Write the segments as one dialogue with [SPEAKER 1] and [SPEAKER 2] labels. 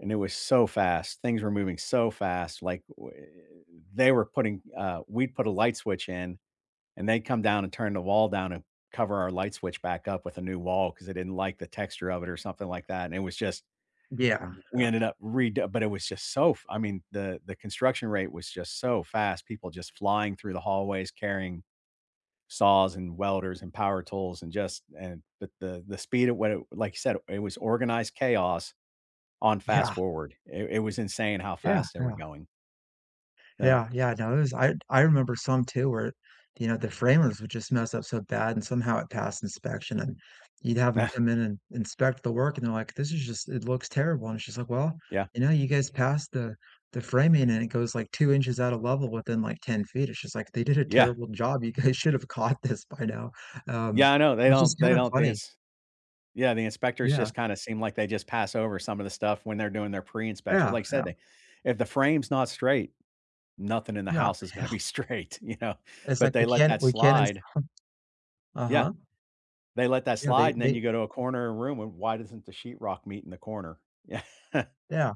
[SPEAKER 1] And it was so fast; things were moving so fast. Like, whe they were putting uh, we'd put a light switch in, and they'd come down and turn the wall down and cover our light switch back up with a new wall 'cause they didn't like the texture of it or something like that, and it was just
[SPEAKER 2] Yeah,
[SPEAKER 1] w we
[SPEAKER 2] yeah.
[SPEAKER 1] ended up redo but it was just so f I mean, the the construction rate was just so fast. People just flying through the hallways carrying saws and welders, and power tools, and just and the the the speed at what it like you said, it was organized chaos on fast
[SPEAKER 2] Yeah.
[SPEAKER 1] forward. It it was insane how
[SPEAKER 2] Yeah,
[SPEAKER 1] fast they were
[SPEAKER 2] yeah.
[SPEAKER 1] going. Yeah.
[SPEAKER 2] Yeah, yeah. No, it was I d I remember some too where, you know, the framers would just mess up so bad and somehow it passed inspection, and you'd have 'em come in and inspect the work and they're like, "This is just it looks terrible," and she's like, "Well,
[SPEAKER 1] Yeah.
[SPEAKER 2] and now you guys passed the the framing," and it goes like 2 inches out of level within like 10 feet, it's just like they did a
[SPEAKER 1] Yeah.
[SPEAKER 2] terrible job. You guys should have caught this by now." Um,
[SPEAKER 1] Yeah. I know, they
[SPEAKER 2] which is
[SPEAKER 1] don't
[SPEAKER 2] kind
[SPEAKER 1] they
[SPEAKER 2] of
[SPEAKER 1] don't the
[SPEAKER 2] funny
[SPEAKER 1] ins Yeah, the inspectors
[SPEAKER 2] Yeah.
[SPEAKER 1] just kinda seem like they just pass over some of the stuff when they're doing their pre-inspections.
[SPEAKER 2] Yeah,
[SPEAKER 1] Like, said
[SPEAKER 2] yeah.
[SPEAKER 1] they if the frame's not straight, nothing in the
[SPEAKER 2] No.
[SPEAKER 1] house is gonna
[SPEAKER 2] Hell
[SPEAKER 1] be straight, you know?
[SPEAKER 2] It's
[SPEAKER 1] But
[SPEAKER 2] like
[SPEAKER 1] they
[SPEAKER 2] we
[SPEAKER 1] let
[SPEAKER 2] can't
[SPEAKER 1] that
[SPEAKER 2] we can't
[SPEAKER 1] slide
[SPEAKER 2] install
[SPEAKER 1] Yeah.
[SPEAKER 2] Uh-huh.
[SPEAKER 1] They let that
[SPEAKER 2] You know, they
[SPEAKER 1] slide, and then
[SPEAKER 2] they
[SPEAKER 1] you go to a corner room and, "Why doesn't the sheetrock meet in the corner?"
[SPEAKER 2] Yeah,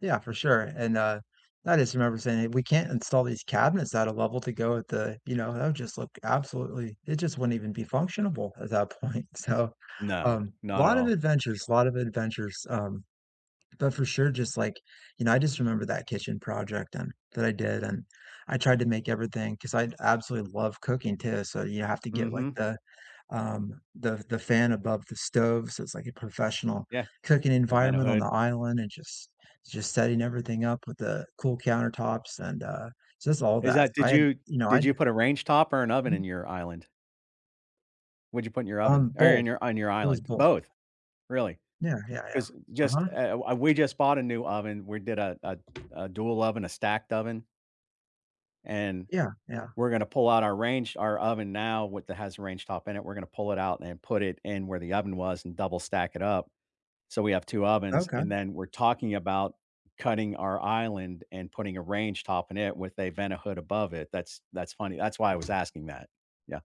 [SPEAKER 2] yeah, for sure and, uh, I just remember saying, "We can't install these cabinets at a level to go with the you know, that would just look absolutely it just wouldn't even be functionable at that point." So,
[SPEAKER 1] No.
[SPEAKER 2] um,
[SPEAKER 1] Not at
[SPEAKER 2] lot of
[SPEAKER 1] all.
[SPEAKER 2] adventures, lot of adventures, um, but for sure, just, like you know, I just remember that kitchen project and that I did and I tried to make everything 'cause I absolutely love cooking too, so you have to get, like,
[SPEAKER 1] Mhm.
[SPEAKER 2] the, um, the the fan above the stove. So, it's like a professional
[SPEAKER 1] Yeah.
[SPEAKER 2] cooking
[SPEAKER 1] The
[SPEAKER 2] environment on the
[SPEAKER 1] Vent-A-Hood?
[SPEAKER 2] island and just just setting everything up with the cool countertops and, uh, just all
[SPEAKER 1] Is
[SPEAKER 2] that.
[SPEAKER 1] that did
[SPEAKER 2] I had
[SPEAKER 1] you
[SPEAKER 2] you know,
[SPEAKER 1] did
[SPEAKER 2] I'd
[SPEAKER 1] you put a range top or an oven in your island? What'd you put in your
[SPEAKER 2] Um,
[SPEAKER 1] oven or in
[SPEAKER 2] both.
[SPEAKER 1] your on your
[SPEAKER 2] It was
[SPEAKER 1] island?
[SPEAKER 2] both.
[SPEAKER 1] Both, really.
[SPEAKER 2] Yeah, yeah, yeah.
[SPEAKER 1] 'Cause just,
[SPEAKER 2] Uh-huh.
[SPEAKER 1] eh, eh, wha we just bought a new oven. We did a a a dual oven, a stacked oven and
[SPEAKER 2] Yeah, yeah.
[SPEAKER 1] we're gonna pull out our range our oven now with that has range top in it, we're gonna pull it out and put it in where the oven was and double stack it up so we have 2 ovens, and
[SPEAKER 2] Okay.
[SPEAKER 1] then we're talking about cutting our island and putting a range top in it with a Vent-A-Hood above it. That's that's funny. That's why I was asking that. Yeah.